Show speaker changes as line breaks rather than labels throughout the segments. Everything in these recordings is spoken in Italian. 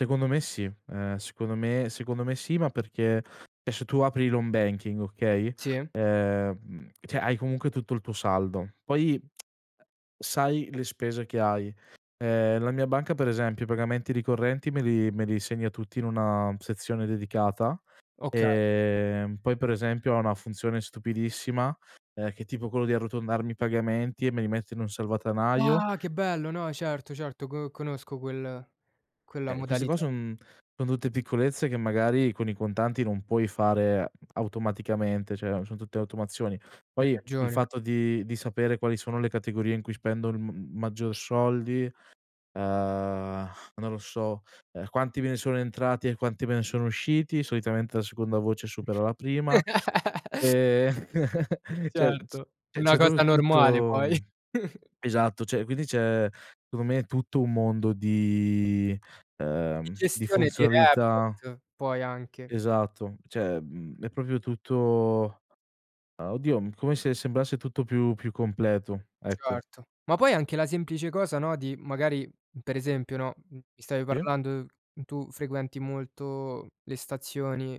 Secondo me sì, ehm, secondo me secondo me sì, ma perché e se tu apri l' Home Banking, okay,
Sì.
ehm, cioè, hai comunque tutto il tuo saldo; poi, uhm, sai le spese che hai, ehm, la mia banca per esempio i pagamenti ricorrenti me li me li segna tutti in una sezione dedicata,
Okay.
ehm, poi per esempio ha una funzione stupidissima, ehm, che è tipo quello di arrotondarmi i pagamenti, e me li mette in un salvadanaio.
Ah che bello, no certo certo, co conosco quel quella
Eh, queste qua
modalità.
son son tutte piccolezze, che magari con i contanti non puoi fare automaticamente, cioè son tutte automazioni.
Hai
Poi il
ragione.
fatto di di sapere quali sono le categorie in cui spendo m maggior soldi, ehm, non lo so, uhm, quanti me ne sono entrati e quanti me ne sono usciti, solitamente la seconda voce supera la prima; e cioè, c
Certo, una
c'è proprio
cosa
tutto,
normale poi.
uhm. Esatto, cioè quindi c'è, secondo me, tutto un mondo di,
Di
ehm, di
gestione di
funzionalità
report, poi anche.
Esatto, cioè, mhmm, è proprio tutto, ehm, oddio come se sembrasse tutto più più completo, ecco.
Certo. Ma poi anche la semplice cosa, no, di magari per esempio, no, mi stavi
Sì.
parlando, tu frequenti molto le stazioni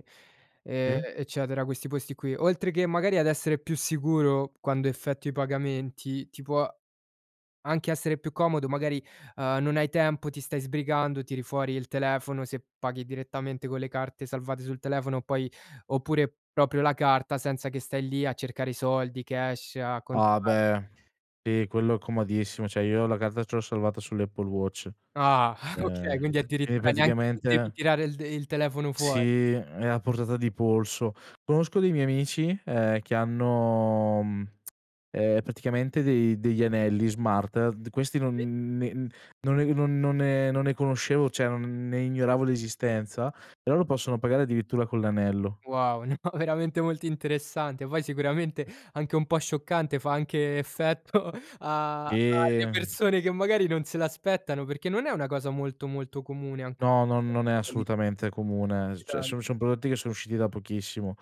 e
Sì.
eccetera, questi posti qui. Oltre che magari ad essere più sicuro, quando effettui i pagamenti, ti può anche essere più comodo, magari, ehm, non hai tempo, ti stai sbrigando, tiri fuori il telefono, se paghi direttamente con le carte salvate sul telefono, poi oppure proprio la carta, senza che stai lì a cercare i soldi cash, a contare.
Ah beh, sì, quello è comodissimo, cioè io la carta ce l'ho salvata sull'Apple Watch.
Ah,
E
okay, quindi
c e
addirittura neanche de devi
praticamente
tirare il telefono fuori.
Sì, è a portata di polso. Conosco dei miei amici, ehm, che hanno, mhmm, ehm, praticamente dei degli anelli smart, d questi
Sì.
non ne non ne non non ne non ne conoscevo, cioè non ne ignoravo l'esistenza, però loro possono pagare addirittura con l'anello.
Wow, no, veramente molto interessante, poi sicuramente anche un po' scioccante, fa anche effetto a
Sì.
alle persone che magari non se l'aspettano, perché non è una cosa molto, molto comune ancora,
No, non non è
questa degli anelli.
assolutamente comune, s cioè
[unintelligible]
sono sono prodotti che sono usciti da pochissimo;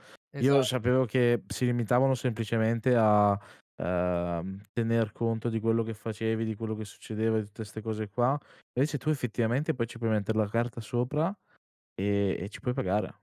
io
Esa
sapevo che si limitavano semplicemente a, ehm, tener conto di quello che facevi, di quello che succedeva e di tutte 'ste cose qua, invece tu effettivamente poi ci puoi mettere la carta sopra, e e ci puoi pagare.